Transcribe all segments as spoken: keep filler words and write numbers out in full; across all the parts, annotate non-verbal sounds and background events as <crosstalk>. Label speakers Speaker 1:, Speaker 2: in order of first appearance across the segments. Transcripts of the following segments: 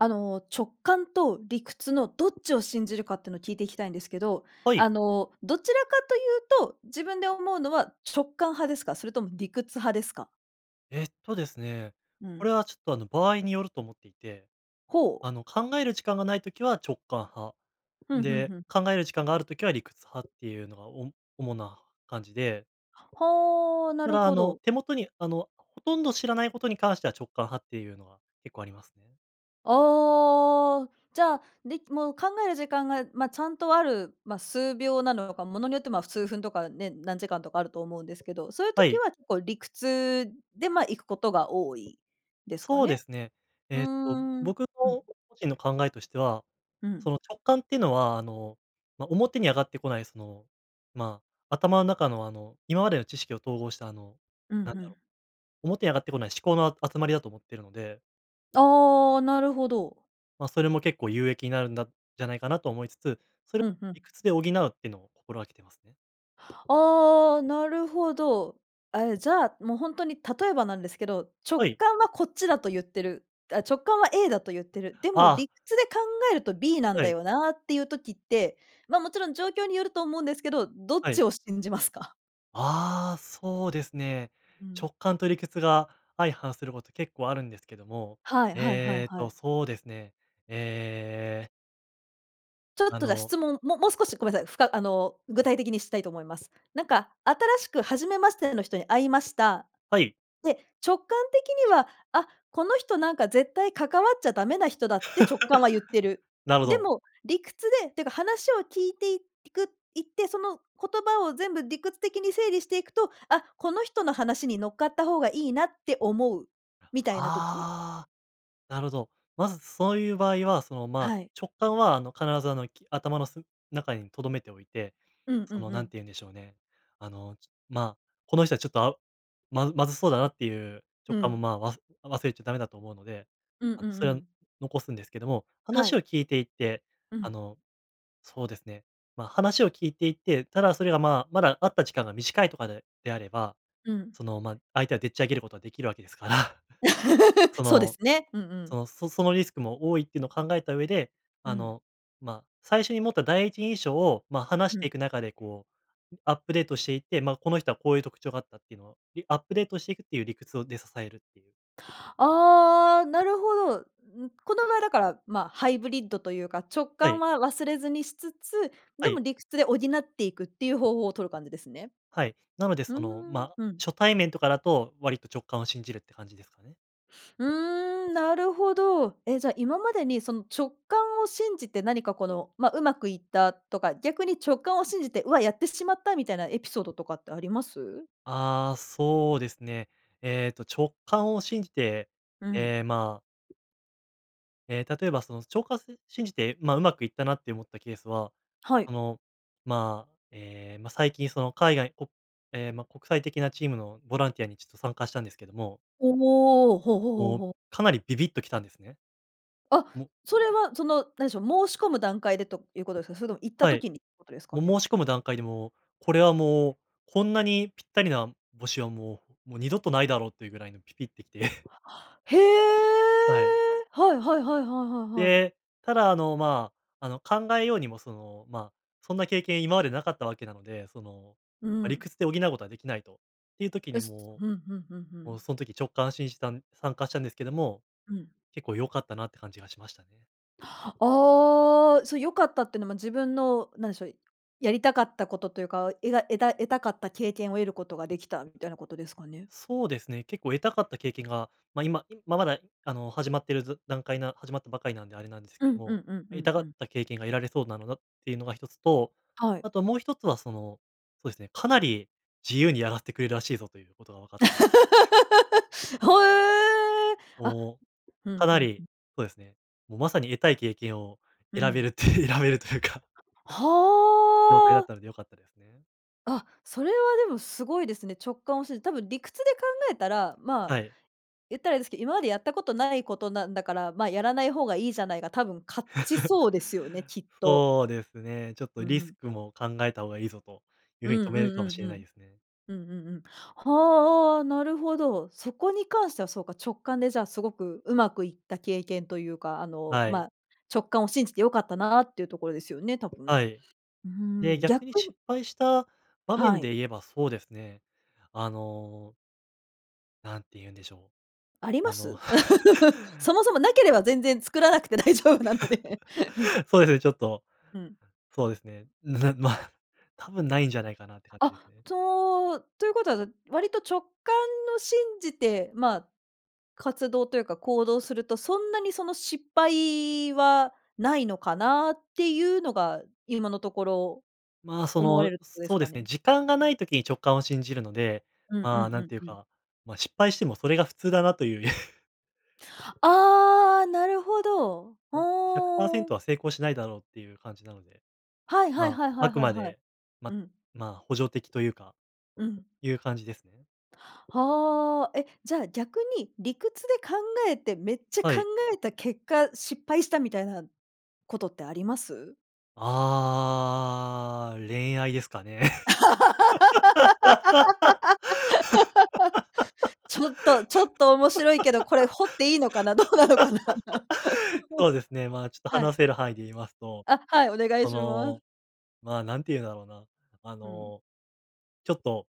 Speaker 1: あの、直感と理屈のどっちを信じるかってのを聞いていきたいんですけど。
Speaker 2: はい。
Speaker 1: あの、どちらかというと、自分で思うのは直感派ですか？それとも理屈派ですか？
Speaker 2: えっとですね。
Speaker 1: う
Speaker 2: こ
Speaker 1: ん。
Speaker 2: れは、ちょっと、あの、場合によると思っていて。
Speaker 1: ほう。
Speaker 2: あの、考える時間がない時は直感派。
Speaker 1: ふんふん
Speaker 2: で、
Speaker 1: ふん。
Speaker 2: 考える時間がある時は理屈派っていうのがお主な感じで。
Speaker 1: はあ、な
Speaker 2: だ
Speaker 1: る
Speaker 2: から、あ
Speaker 1: ほ
Speaker 2: の、
Speaker 1: ど。
Speaker 2: 手元に、あの、ほとんど知らないことに関しては直感派っていうのは結構ありますね。
Speaker 1: ああ、じゃあ、で、もう、考える時間が、ま、ちゃんとある、ま、数秒なのか物によって、ま、数分とかね、何時間とかあると思うんですけど、そういう
Speaker 2: は
Speaker 1: 時
Speaker 2: い。
Speaker 1: は結構理屈で、ま、行くことが多いですか
Speaker 2: そうで
Speaker 1: ね？
Speaker 2: すね。
Speaker 1: うー
Speaker 2: えっと、
Speaker 1: ん、
Speaker 2: 僕の
Speaker 1: うん。
Speaker 2: 個人の考えとしては、
Speaker 1: うん。
Speaker 2: その、直感っていうのは、あの、ま、表に上がってこない、その、ま、頭の中の、あの、今までの知識を統合したあの、
Speaker 1: うん、
Speaker 2: なん
Speaker 1: ふ
Speaker 2: だろ
Speaker 1: ん。
Speaker 2: う、表に上がってこない思考のあ集まりだと思ってるので。
Speaker 1: ああ、なるほど。
Speaker 2: ま、それも結構有益になるんだじゃないかなと思いつつ、それ
Speaker 1: ふんふん。
Speaker 2: 理屈で補うってのを心がけてますね。
Speaker 1: ああ、なるほど。ええ、じゃあ、もう本当に例えばなんですけど、直
Speaker 2: はい。
Speaker 1: 感はこっちだとゆってる。あ、直感は A だとゆってる。で
Speaker 2: <exhales>
Speaker 1: も
Speaker 2: ああ。
Speaker 1: 理屈で考えると B なん
Speaker 2: は
Speaker 1: だ
Speaker 2: い。
Speaker 1: よなっていう時って、ま、もちろん状況によると思うんですけど、どっ
Speaker 2: は
Speaker 1: ち
Speaker 2: い。
Speaker 1: を信じますか？
Speaker 2: ああ、そうですね。
Speaker 1: うん。
Speaker 2: 直感と理屈が、相反すること、結構あるんですけども、
Speaker 1: はいはいはい
Speaker 2: えっ
Speaker 1: はい。
Speaker 2: と、そうですねえ、ええ。
Speaker 1: ちょっ
Speaker 2: あ
Speaker 1: とじゃ
Speaker 2: の。
Speaker 1: 質問、ももう少しごめんなさい、ふかあの具体的にしたいと思います。なんか、新しく初めましての人に会いました。
Speaker 2: はい。
Speaker 1: で、直感的には、あ、この人なんか絶対関わっちゃダメな人だ、って直感はゆってる。
Speaker 2: <laughs> なるほ
Speaker 1: で
Speaker 2: ど。
Speaker 1: も、理屈でっていうか話を聞いていくいって、その言葉を、全部理屈的に整理していくと、あ、この人の話に乗っかった方がいいな、って思う、みたいな時。
Speaker 2: ああ、なるほど。まずそういう場合はそのまあ、
Speaker 1: はい。
Speaker 2: 直感はあの必ずあの、き頭のす中に留めておいて、
Speaker 1: うんう
Speaker 2: そ
Speaker 1: ん
Speaker 2: の
Speaker 1: う
Speaker 2: 何て
Speaker 1: ん。
Speaker 2: 言うんでしょうね、あの、まあ、この人はちょっとあまずまずそうだなっていう
Speaker 1: う
Speaker 2: 直感も
Speaker 1: ん。
Speaker 2: まあ、わす忘れちゃダメだと思うので、
Speaker 1: うんうん
Speaker 2: あ
Speaker 1: う
Speaker 2: の、それを
Speaker 1: ん。
Speaker 2: 残すんですけども、
Speaker 1: は
Speaker 2: 話
Speaker 1: い。
Speaker 2: を聞いていて、
Speaker 1: う
Speaker 2: あ
Speaker 1: ん。
Speaker 2: のそうですね。まあ、話を聞いていて、ただそれがまあ、まだ会った時間が短いとかで、であれば、
Speaker 1: うん。
Speaker 2: その、まあ、相手はでっち上げることができるわけですから。そ
Speaker 1: <laughs> そうで
Speaker 2: の、
Speaker 1: すね。うんう
Speaker 2: そ
Speaker 1: ん。
Speaker 2: の、そそのリスクも多いっていうのを考えた上で、
Speaker 1: う
Speaker 2: あ
Speaker 1: ん。
Speaker 2: の、ま、最初に持った第一印象を、まあ話し
Speaker 1: う
Speaker 2: てい
Speaker 1: ん。
Speaker 2: く中で、こう、アップデートしていって、まあこの人はこういう特徴があったっていうのを、アップデートしていく、っていう理屈をで支えるっていう。
Speaker 1: ああ、なるほど。ん、この場合だからまあ、ハイブリッドというか、直
Speaker 2: は
Speaker 1: 感
Speaker 2: い。
Speaker 1: は忘れずにしつつ、で
Speaker 2: はい。
Speaker 1: も理屈で補っていくっていう方法をとる感じですね。
Speaker 2: はい、なので
Speaker 1: うー
Speaker 2: その、
Speaker 1: ん、
Speaker 2: ま、
Speaker 1: うん。
Speaker 2: 初対面とかだと、割と直感を信じるって感じですかね。
Speaker 1: うーん、なるほど。え、じゃあ、今までに、その、直感を信じて何かこの、ま、うまくいったとか、逆に直感を信じて、うわ、やってしまったみたいなエピソードとかってあります？
Speaker 2: ああ、そうですね。えっと、直感を信じて、
Speaker 1: うん。
Speaker 2: ええ、まあ。え、例えば、その、ちょうかす信じて、ま、うまくいったなって思ったケースは、
Speaker 1: はい。
Speaker 2: あの、ま、え、ま、最近その海外おええ、ま、国際的なチームのボランティアに、ちょっと、参加したんですけども。
Speaker 1: おお、ほうほうほう
Speaker 2: もう、
Speaker 1: ほう。
Speaker 2: かなりビビッと来たんですね。
Speaker 1: あ、
Speaker 2: うん。
Speaker 1: それは、その、何でしょう、申し込む段階でということですか？それとも行った
Speaker 2: はい、
Speaker 1: 時にってことですか
Speaker 2: もう、
Speaker 1: ね？
Speaker 2: 申し込む段階でも、これは、もう、こんなにぴったりな募集は、もうもう、二度とないだろうっていうぐらいのピピッてきて。<chuckles>
Speaker 1: へえ！
Speaker 2: はい。
Speaker 1: はいはいはいはいはいはい。
Speaker 2: で、ただ、あの、まあ、あの、考えようにも、その、ま、そんな経験今までなかったわけなので、その、
Speaker 1: う
Speaker 2: ま、理
Speaker 1: ん。
Speaker 2: 屈で補うことはできないとっていう時
Speaker 1: えっ
Speaker 2: に
Speaker 1: す、
Speaker 2: も、
Speaker 1: ふんふんふんふ
Speaker 2: も
Speaker 1: ん。
Speaker 2: う、その時直感信じたん参加したんですけども、
Speaker 1: うん。
Speaker 2: 結構良かったなって感じがしましたね。
Speaker 1: ああ、それ良かったっていうのも自分の、なんでしょう、やりたかったことというか、えが得た得たかった経験を得ることができた、みたいなことですかね。
Speaker 2: そうですね、結構得たかった経験が、ま、今、いままだ、あの、始まってるず段階な始まったばかりなんであれなんです
Speaker 1: う
Speaker 2: けど
Speaker 1: んう
Speaker 2: も、
Speaker 1: んうんう
Speaker 2: 得
Speaker 1: ん
Speaker 2: たが
Speaker 1: う
Speaker 2: っ
Speaker 1: ん。
Speaker 2: た経験が得られそうなのだっていうのがひとつと、
Speaker 1: はい。
Speaker 2: あともうひとつはその、そうですね、かなり、自由にやらせてくれるらしいぞと、いうことがわかったので。
Speaker 1: <laughs> ほえ。あ、
Speaker 2: も
Speaker 1: ふ
Speaker 2: う、
Speaker 1: ん
Speaker 2: かな
Speaker 1: ふんふ
Speaker 2: り
Speaker 1: ん。
Speaker 2: そうですね。もう、まさに、得たい経験を
Speaker 1: う
Speaker 2: 選べ
Speaker 1: ん。
Speaker 2: るって選べるというか状態だ
Speaker 1: は
Speaker 2: っ
Speaker 1: あ。
Speaker 2: たので良かったですね。
Speaker 1: あ、それはでもすごいですね。直感を信じ、多分理屈で考えたら、まあ、
Speaker 2: はい。
Speaker 1: 言ったらあれですけど、今までやったことないことなんだから、まあ、やらない方がいいじゃない、が、多分勝ち
Speaker 2: <laughs>
Speaker 1: そうですよね、きっと。
Speaker 2: そうですね、ちょっと、
Speaker 1: う
Speaker 2: リス
Speaker 1: ん。
Speaker 2: クも考えた方がいいぞ、という
Speaker 1: う
Speaker 2: 風に止
Speaker 1: ん
Speaker 2: め
Speaker 1: う
Speaker 2: る
Speaker 1: ん
Speaker 2: かも
Speaker 1: う
Speaker 2: し
Speaker 1: ん
Speaker 2: れ
Speaker 1: う
Speaker 2: ない
Speaker 1: ん。
Speaker 2: ですね。
Speaker 1: うんうんうん。はあ、なるほど。そこに関してはそうか、直感で、じゃあ、すごくうまくいった経験というか、あの、
Speaker 2: は
Speaker 1: ま
Speaker 2: い。
Speaker 1: あ、直感を信じて良かったなっていうところですよね、多分。
Speaker 2: はい。
Speaker 1: うー
Speaker 2: で、
Speaker 1: ん、
Speaker 2: 逆に
Speaker 1: 逆
Speaker 2: 失
Speaker 1: に
Speaker 2: 敗した場
Speaker 1: は
Speaker 2: 面
Speaker 1: い。
Speaker 2: で言えば、そうですね。あのなんて言うんでしょ
Speaker 1: あり
Speaker 2: う、
Speaker 1: ま
Speaker 2: あの。
Speaker 1: す？<laughs>
Speaker 2: <laughs>
Speaker 1: そもそもなければ全然作らなくて大丈夫なので、ふん。
Speaker 2: <laughs> そうですね、ちょっと、
Speaker 1: うん。
Speaker 2: そうですね。<chuckles> ま、多分ないんじゃないかなって感
Speaker 1: あ、
Speaker 2: じですね。
Speaker 1: とということは、割と直感の信じて、ま、活動というか、行動するとそんなにその失敗はないのかなっていうのが、今のところ
Speaker 2: ま、そ
Speaker 1: 思われ
Speaker 2: の、
Speaker 1: るとこです
Speaker 2: そうで
Speaker 1: か
Speaker 2: すね、
Speaker 1: ね。
Speaker 2: 時間がない時に直感を信じるので。
Speaker 1: うんう
Speaker 2: ま、
Speaker 1: んう
Speaker 2: なん
Speaker 1: ん
Speaker 2: ていう
Speaker 1: うん。
Speaker 2: か、ま、失敗してもそれが普通だなという。<laughs>
Speaker 1: ああ、なるほど、
Speaker 2: うん、ひゃくパーセン
Speaker 1: ほお。
Speaker 2: トは成功しないだろうっていう感じなので、
Speaker 1: はいはい
Speaker 2: ま、
Speaker 1: はいは
Speaker 2: あ
Speaker 1: い
Speaker 2: く
Speaker 1: はい
Speaker 2: ま
Speaker 1: はい。
Speaker 2: で、ま
Speaker 1: うん。
Speaker 2: ま、補助的というか、
Speaker 1: うん。
Speaker 2: いう感じですね。
Speaker 1: はあ、え、じゃあ逆に、理屈で考えて、めっちゃ
Speaker 2: は
Speaker 1: 考
Speaker 2: い。
Speaker 1: えた結果、失敗したみたいなことってあります？
Speaker 2: ああ、恋愛ですかね。
Speaker 1: <laughs> ちょっとちょっと面白いけどこれ掘っていいのかな、どうなのかな。
Speaker 2: <laughs> そうですね、ま、ちょっと
Speaker 1: はい。
Speaker 2: 話せる範囲で言いますと。
Speaker 1: あ、はい、お願い
Speaker 2: そ
Speaker 1: します。
Speaker 2: の、ま、何てゆんだろうな、あ
Speaker 1: うん。
Speaker 2: の。ちょっと、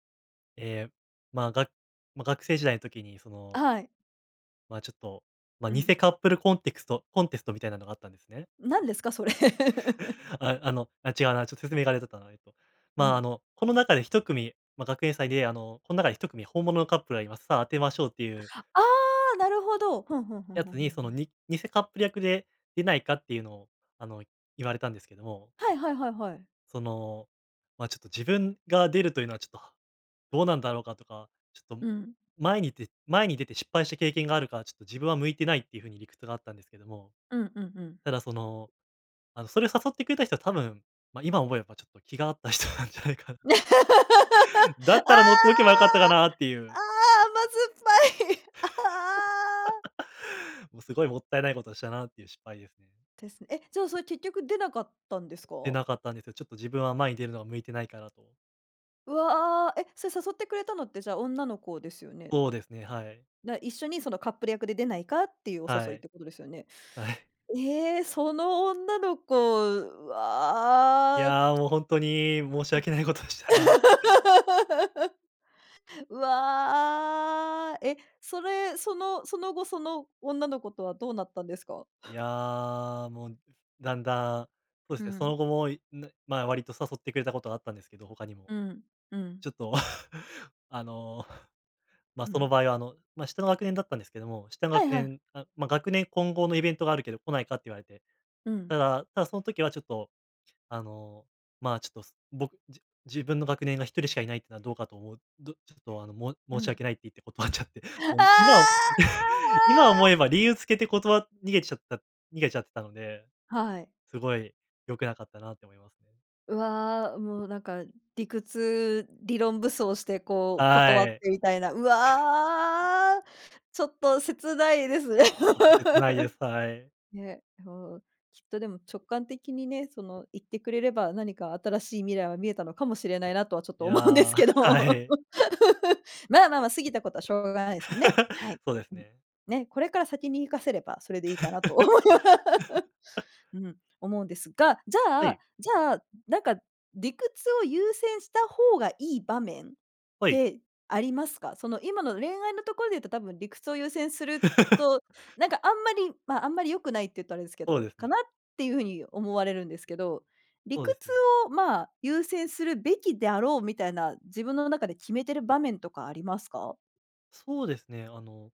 Speaker 2: え、ま、が、ま、学生時代の時にその
Speaker 1: はい。
Speaker 2: まあ、ちょっと、まあ、
Speaker 1: う
Speaker 2: 偽
Speaker 1: ん。
Speaker 2: カップルコンテクストコンテストみたいなのがあったんですね。
Speaker 1: 何ですかそれ。<laughs>
Speaker 2: <laughs> ああの、あ、違うな、ちょっと説明があれだったな、ええと。
Speaker 1: う
Speaker 2: まあ、あ
Speaker 1: ん。
Speaker 2: の、この中でひとくみ、ま、学園祭であの、こん中でひとくみ本物のカップルがいます。さあ当てましょうっていう
Speaker 1: ああ、なるほど。ふんふんふん
Speaker 2: や
Speaker 1: ふん
Speaker 2: つ
Speaker 1: ふ
Speaker 2: に
Speaker 1: ん
Speaker 2: そ
Speaker 1: ふ
Speaker 2: の、
Speaker 1: ん。
Speaker 2: に偽カップル役で、出ないかっていうのを、あの、言われたんですけども。
Speaker 1: はいはいはいはい。
Speaker 2: その、まあ、ちょっと自分が出るというのはちょっと、どうなんだろうかとか、ちょっと
Speaker 1: うん。
Speaker 2: 前に出前に出て失敗した経験があるから、ちょっと自分は向いてないっていうふうに理屈があったんですけども、
Speaker 1: うんうんうん。
Speaker 2: ただその、あの、それを誘ってくれた人は多分、ま、今思えばちょっと、気が合った人なんじゃないかなって、
Speaker 1: <laughs> ああ、
Speaker 2: だったら乗っておけば良かったかなっていう。
Speaker 1: 甘酸っぱい、ああ。
Speaker 2: <laughs> もうすごいもったいないことしたなっていう失敗ですね。
Speaker 1: です、え、じゃあそれ結局出なかったんですか？
Speaker 2: 出なかったんですよ。ちょっと自分は、前に出るのが向いてないかなと。
Speaker 1: うわあ、え？それ誘ってくれたのってじゃあ女の子ですよね。
Speaker 2: そうですね、はい。
Speaker 1: な、一緒にその、カップル役で出ないかっていう、お
Speaker 2: は
Speaker 1: 誘いっ
Speaker 2: い、
Speaker 1: てことですよね。
Speaker 2: はい。
Speaker 1: ええ、その女の子、う
Speaker 2: い
Speaker 1: わ。
Speaker 2: や、もうほんとに、申し
Speaker 1: うん。
Speaker 2: 訳ないことでしたな。
Speaker 1: <laughs> うわ。え、それ、そのその後、その女の子とはどうなったんですか？
Speaker 2: いや、もうだんだん、そうで
Speaker 1: う
Speaker 2: すね、そ
Speaker 1: ん。
Speaker 2: の後も、いぬまあ、割と誘ってくれたことがあったんですけど、他にも、
Speaker 1: うん、うん。
Speaker 2: ちょっと、<clears throat> あの、ま、
Speaker 1: う
Speaker 2: そ
Speaker 1: ん。
Speaker 2: の場合はあの、ま、下の学年だったんですけども、下の
Speaker 1: はい
Speaker 2: 学
Speaker 1: はい。
Speaker 2: 年、あ、ま、学年混合のイベントがあるけど来ないかって言われて、
Speaker 1: うん。
Speaker 2: ただただその時はちょっと、あの、まあ、ちょっとす僕じ自分の学年がひとりしかいないっていうのはどうかと思う、どちょっと、あの、も
Speaker 1: う
Speaker 2: 申し
Speaker 1: ん。
Speaker 2: 訳ないって言って、断っちゃって、
Speaker 1: ああ。
Speaker 2: もう今 <clears throat> 今思えば理由つけて断わ逃げちゃった逃げちゃったので、
Speaker 1: はい。
Speaker 2: すごい良くなかったなって思いますね。
Speaker 1: うわ、もうなんか理屈、理論武装してこう、断
Speaker 2: は
Speaker 1: っ
Speaker 2: い。
Speaker 1: てみたいな、うわ。ちょっと、切ないですね。
Speaker 2: ちょっと切ないで
Speaker 1: <laughs>
Speaker 2: す、はい。
Speaker 1: ね、ふう、きっとでも直感的にね、その言ってくれれば、何か新しい未来は見えたのかもしれないなとはちょっ
Speaker 2: い
Speaker 1: と、
Speaker 2: や、
Speaker 1: 思うんです
Speaker 2: は
Speaker 1: けど。
Speaker 2: い。
Speaker 1: <laughs> ままま、過ぎたことはしょうがないですんね。は
Speaker 2: <laughs>
Speaker 1: い。
Speaker 2: そうです
Speaker 1: うん。
Speaker 2: ね。
Speaker 1: ね、これから先に活かせれば、それでいいかなと思いま…
Speaker 2: <laughs>
Speaker 1: うん、思うんですが、じゃ
Speaker 2: は
Speaker 1: あ
Speaker 2: い。
Speaker 1: じゃあ、なんか、理屈を優先した方がいい場面っ
Speaker 2: はい。
Speaker 1: てありますか？その、今の恋愛のところで言うと多分理屈を優先する
Speaker 2: <laughs>
Speaker 1: と、なんかあんまり、まあ、あんまり良くないっていうとあれですけ
Speaker 2: そう
Speaker 1: ど、
Speaker 2: です
Speaker 1: か
Speaker 2: ね。
Speaker 1: なっていうふうに思われるんですけど、理
Speaker 2: そうで
Speaker 1: 屈
Speaker 2: すね。
Speaker 1: をまあ優先するべきであろうみたいな、自分の中で決めてる場面とかありますか？
Speaker 2: そうですね。あの、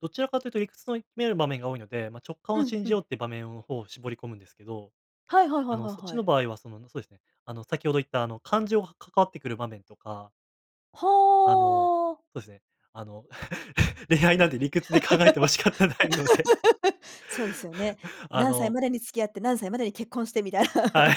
Speaker 2: どちらかというと理屈の見える場面が多いので、ま、直感
Speaker 1: う
Speaker 2: を
Speaker 1: ん
Speaker 2: 信
Speaker 1: う
Speaker 2: じ
Speaker 1: ん。
Speaker 2: ようっていう場面の方を絞り込むんですけど、
Speaker 1: はいはいは
Speaker 2: あ
Speaker 1: い
Speaker 2: の、
Speaker 1: はい
Speaker 2: そっち
Speaker 1: はい。
Speaker 2: の場合はその、そうですね、あの、先ほど言ったあの感情が関わってくる場面とか。あの、
Speaker 1: ほお。
Speaker 2: そうですね。あの、<laughs> 恋愛
Speaker 1: わ
Speaker 2: な
Speaker 1: っ、
Speaker 2: んて理屈で考えても仕方ないので。
Speaker 1: <laughs> そうですよね。
Speaker 2: あ
Speaker 1: 何歳
Speaker 2: の
Speaker 1: までに付き合って、何歳までに結婚してみたいな。
Speaker 2: はい。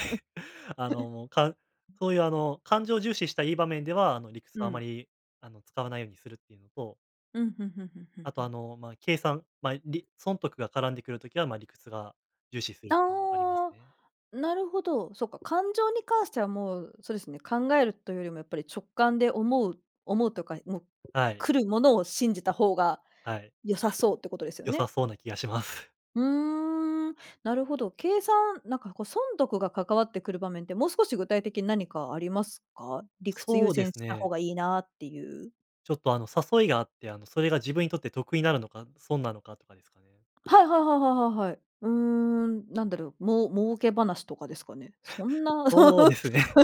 Speaker 2: あ の、かそういう、あの、感情重視した、良い場面では、あの、理屈
Speaker 1: う
Speaker 2: はあま
Speaker 1: ん。
Speaker 2: り、あの、使わないようにするっていうのと
Speaker 1: うん、ふんふんふんふん
Speaker 2: あ
Speaker 1: ふ
Speaker 2: と、あ
Speaker 1: ん。
Speaker 2: の、ま、計算、ま、り損得が絡んでくる時は、ま、理屈が重視するっていうのはあります
Speaker 1: あ
Speaker 2: ね。
Speaker 1: あ、なるほど、そっか、感情に関してはもう、そうですね、考えるというよりもやっぱり直感で思う思うとか、もう、
Speaker 2: はい。
Speaker 1: 来るものを信じた方が、
Speaker 2: はい。
Speaker 1: 良さそうってことですよ
Speaker 2: 良さ
Speaker 1: ね。
Speaker 2: そうな気がします。
Speaker 1: うーん、なるほど、計算、なんかこう損得が関わってくる場面って、もう少し具体的に何かありますか？理屈優
Speaker 2: そうで
Speaker 1: 先
Speaker 2: す
Speaker 1: した方
Speaker 2: ね。
Speaker 1: が良いなっていう。
Speaker 2: ちょっと、あの、誘いがあって、あの、それが自分にとって得になるのか、損なのかとかですかね。
Speaker 1: はいはいはいはいはいはい。うーん、なんだろう？もう儲け話とかですかね。そんな <laughs>
Speaker 2: そうですね。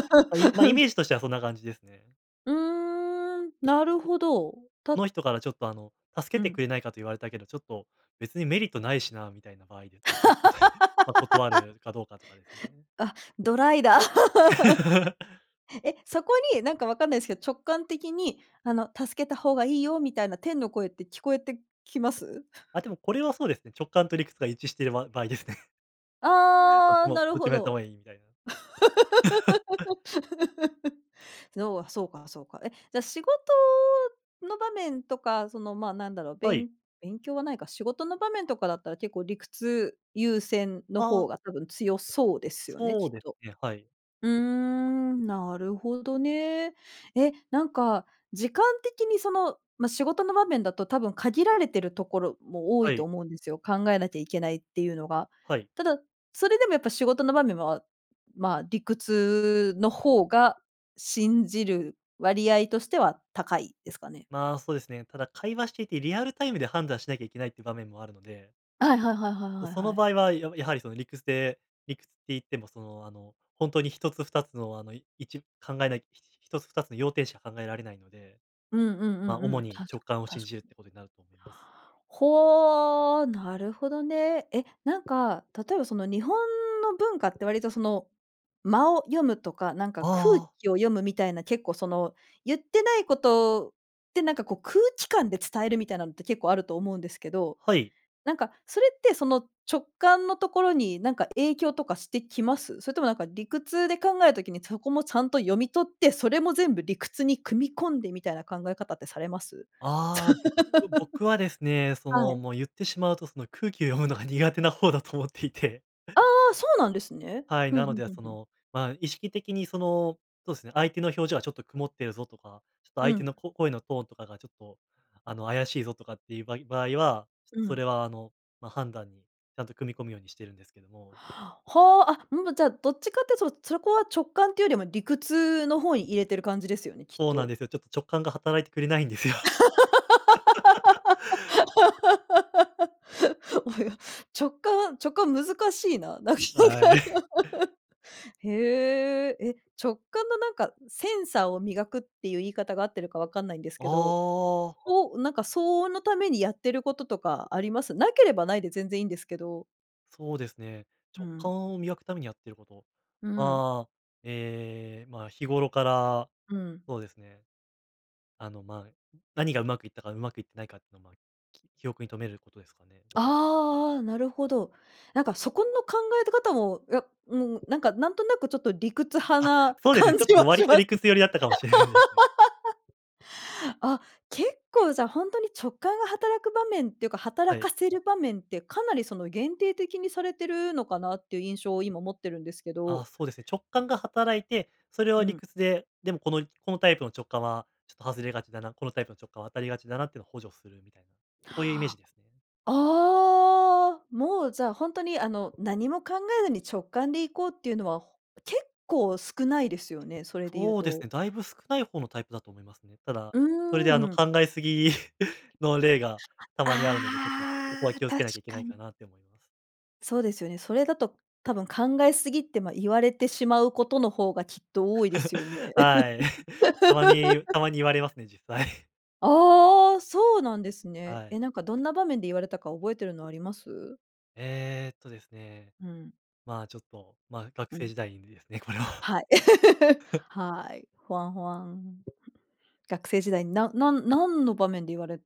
Speaker 2: ま、イメージとしてはそんな感じですね。
Speaker 1: うーん、なるほど、た
Speaker 2: この人からちょっと、あの「助
Speaker 1: う
Speaker 2: けて
Speaker 1: ん。
Speaker 2: くれないか」と言われたけど、ちょっと「別にメリットないしな」みたいな場合で、み、、<chuckles> ま、断
Speaker 1: <laughs>
Speaker 2: るかどうかとかですね。
Speaker 1: あ、ドライだ。
Speaker 2: <laughs>
Speaker 1: <laughs> え、そこに、なんかわかんないですけど、直感的に、あの「助けた方がいいよ」みたいな天の声って聞こえてきます？
Speaker 2: あ、でも、これはそうですね、直感と理屈が一致してる場-場合ですね。<chuckles> どっち
Speaker 1: ああ、
Speaker 2: も、
Speaker 1: なる
Speaker 2: どっち
Speaker 1: ほ
Speaker 2: もやった方
Speaker 1: ど。
Speaker 2: がいいみたいな。<laughs>
Speaker 1: <laughs> のは、そうかそうか。え、じゃ、仕事の場面とか、その、ま、なんだろう、
Speaker 2: はい。
Speaker 1: 勉勉強はないか、仕事の場面とかだったら、結構、理屈優先の
Speaker 2: あ
Speaker 1: 方
Speaker 2: あ。
Speaker 1: が多分強そうですよね、
Speaker 2: そう
Speaker 1: きっ
Speaker 2: です
Speaker 1: と。
Speaker 2: ね、はい。
Speaker 1: うーん、なるほどね。え、なんか、時間的に、その、ま、仕事の場面だと多分限られてるところも多
Speaker 2: は
Speaker 1: いと
Speaker 2: い。
Speaker 1: 思うんですよ。考えなきゃいけないっていうのが。
Speaker 2: はい。
Speaker 1: ただ、それでもやっぱ仕事の場面は、まあ、理屈の方が信じる割合としては高いですかね？
Speaker 2: まあ、そうですね。ただ会話していて、リアルタイムで判断しなきゃいけないっていう場面もあるので。
Speaker 1: はいはいはいはいはい
Speaker 2: そ
Speaker 1: は
Speaker 2: の
Speaker 1: い。
Speaker 2: 場合は、ややはりその理屈で理屈って言っても、その、あの、ほんとにひとつふたつの、あの、いち、考えないひとつふたつの要点しか考えられないので、
Speaker 1: うんうんう
Speaker 2: ま、
Speaker 1: んう
Speaker 2: 主
Speaker 1: ん、確
Speaker 2: に直感を
Speaker 1: かに
Speaker 2: 信
Speaker 1: 確か
Speaker 2: じるっ
Speaker 1: に。
Speaker 2: てことになると思います。
Speaker 1: ほう、なるほどね。え、なんか、例えば、その日本の文化って割と、その間を読むとか、なんか
Speaker 2: あ
Speaker 1: 空
Speaker 2: あ。
Speaker 1: 気を読むみたいな、結構、その、言ってないことって、なんか、こう空気感で伝えるみたいなのって結構あると思うんですけど、
Speaker 2: はい。
Speaker 1: なんか、それって、その、直感のところに、なんか、影響とかしてきます？それとも、なんか、理屈で考える時に、そこもちゃんと読み取って、それも全部理屈に組み込んでみたいな考え方ってされます？
Speaker 2: ああ、僕僕はです
Speaker 1: <laughs>
Speaker 2: ね、そ
Speaker 1: は
Speaker 2: の、
Speaker 1: い。
Speaker 2: もう、言ってしまうと、その、空気を読むのが苦手な方だと思っていて。
Speaker 1: ああ、そうなんですね。
Speaker 2: はい、
Speaker 1: ふん
Speaker 2: な
Speaker 1: ふ
Speaker 2: の
Speaker 1: ん
Speaker 2: で、
Speaker 1: ふん
Speaker 2: そ
Speaker 1: ふん。
Speaker 2: の、まあ、意識的にその、そうですね、相手の表情はちょっと曇ってるぞとか、ちょっと
Speaker 1: う
Speaker 2: 相手
Speaker 1: ん。
Speaker 2: のこ声のトーンとかがちょっと、あの、怪しいぞとかっていうばい場合は、
Speaker 1: う
Speaker 2: そ
Speaker 1: ん。
Speaker 2: れは、あの、ま、判断にちゃんと組み込むようにしてるんですけども。
Speaker 1: ほう、あうむじゃ、どっちかっていうと、そろそこは直感っていうよりも理屈の方に入れてる感じですよね、きっ
Speaker 2: そうなん
Speaker 1: と。
Speaker 2: ですよ。ちょっと直感が働いてくれないんですよ。<laughs>
Speaker 1: <laughs> およ、直感は直感難しいな。なかな
Speaker 2: はい。
Speaker 1: か。
Speaker 2: <chuckles>
Speaker 1: <laughs> へえ、え、直感のなんかセンサーを磨くっていう言い方があってるかわかんないんですけど、
Speaker 2: ああ。
Speaker 1: ほなんか、相応のためにやってることとかあります？なければないで全然いいんですけど。
Speaker 2: そうですね、
Speaker 1: う
Speaker 2: 直
Speaker 1: ん。
Speaker 2: 感を磨くためにやってること、
Speaker 1: うん。
Speaker 2: ああ、え、まあ、日頃から、
Speaker 1: うん。
Speaker 2: そうですね。あの、ま、何がうまくいったか、うまくいってないかっていうの、ま、記記憶に留めることですかね。
Speaker 1: ああ、なるほど。なんか、そこの考え方も、いや、もう、なんか、なんとなく、ちょっと理屈派
Speaker 2: あっ、
Speaker 1: な
Speaker 2: そうですね。
Speaker 1: 感
Speaker 2: ちょっ
Speaker 1: じ
Speaker 2: と
Speaker 1: はし
Speaker 2: 割
Speaker 1: ま
Speaker 2: と
Speaker 1: す。
Speaker 2: 理屈寄りだったかもしれないですね。
Speaker 1: <laughs> あ、結構じゃ、本当に直感が働く場面っていうか、
Speaker 2: は
Speaker 1: 働
Speaker 2: い。
Speaker 1: かせる場面って、かなり、その、限定的にされてるのかなっていう印象を今持ってるんですけ
Speaker 2: あ、
Speaker 1: ど
Speaker 2: そうですね、直感が働いて、それ
Speaker 1: う
Speaker 2: は理
Speaker 1: ん。
Speaker 2: 屈で、でもこのこのタイプの直感は、ちょっと外れがちだな、このタイプの直感は当たりがちだなってのを補助するみたいな、そういうイメージですね。
Speaker 1: ああ。もう、じゃ、本当に、あの、何も考えずに直感で行こうっていうのは結構少ないですよね？それで言う
Speaker 2: そうです
Speaker 1: と。
Speaker 2: ね。だいぶ少ない方のタイプだと思いますね。ただ、
Speaker 1: うー
Speaker 2: それ
Speaker 1: ん、
Speaker 2: で、
Speaker 1: う
Speaker 2: あの、
Speaker 1: うん。
Speaker 2: 考えすぎ <chuckles> の例が
Speaker 1: <unintelligible>
Speaker 2: たまにあるので、ちょっとそこ
Speaker 1: あ
Speaker 2: は
Speaker 1: あ、
Speaker 2: 気をつ
Speaker 1: 確
Speaker 2: けなきゃいけな
Speaker 1: か
Speaker 2: いか
Speaker 1: に。
Speaker 2: なと思います。
Speaker 1: そうですよね。それだと多分考えすぎって、ま、言われてしまうことの方がきっと多いですよね。
Speaker 2: <laughs> はい。<giggles> たまに
Speaker 1: <laughs>
Speaker 2: たまに言われますね、実際。<chuckles>
Speaker 1: ああ、そうなんですね。
Speaker 2: はい。
Speaker 1: え、なんかどんな場面で言われたか覚えてるのあります？
Speaker 2: えっとですね、
Speaker 1: うん。
Speaker 2: まあ、ちょっと、ま、学
Speaker 1: う
Speaker 2: 生
Speaker 1: ん。
Speaker 2: 時代にですね、これは。
Speaker 1: はい。<laughs>
Speaker 2: <laughs>
Speaker 1: はい。ホワンホワン。学生時代に、ななん何の場面で言われ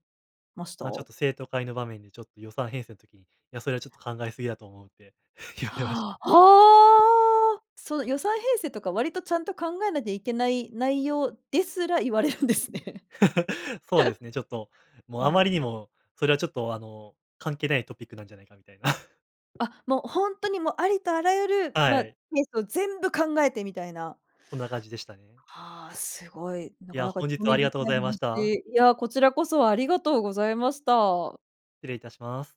Speaker 1: ました？
Speaker 2: ま、ちょっと生徒会の場面でちょっと予算編成の時に「いやそれはちょっと考えすぎだと思う」って <chuckles> 言われました。
Speaker 1: はあ、その予算編成とか、割とちゃんと考えなきゃいけない内容ですら、言われるんですね。
Speaker 2: <laughs> そうですね、ちょっと、も
Speaker 1: <laughs>
Speaker 2: う
Speaker 1: う
Speaker 2: あま
Speaker 1: ん。
Speaker 2: りにも、それはちょっと、あの、関係ないトピックなんじゃないかみたいな。<chuckles>
Speaker 1: あっ、もうほんとに、もうありとあらゆる、
Speaker 2: は
Speaker 1: ま、ケ
Speaker 2: い。
Speaker 1: ースを全部考えてみたいな。
Speaker 2: そんな感じでしたね。
Speaker 1: はあ、すごい。な
Speaker 2: い
Speaker 1: か
Speaker 2: や、
Speaker 1: なか
Speaker 2: 本
Speaker 1: 興
Speaker 2: 日は
Speaker 1: 味
Speaker 2: あり
Speaker 1: 深
Speaker 2: がとう
Speaker 1: い
Speaker 2: ございました。
Speaker 1: 話。いや、こちらこそありがとうございました。
Speaker 2: 失礼いたします。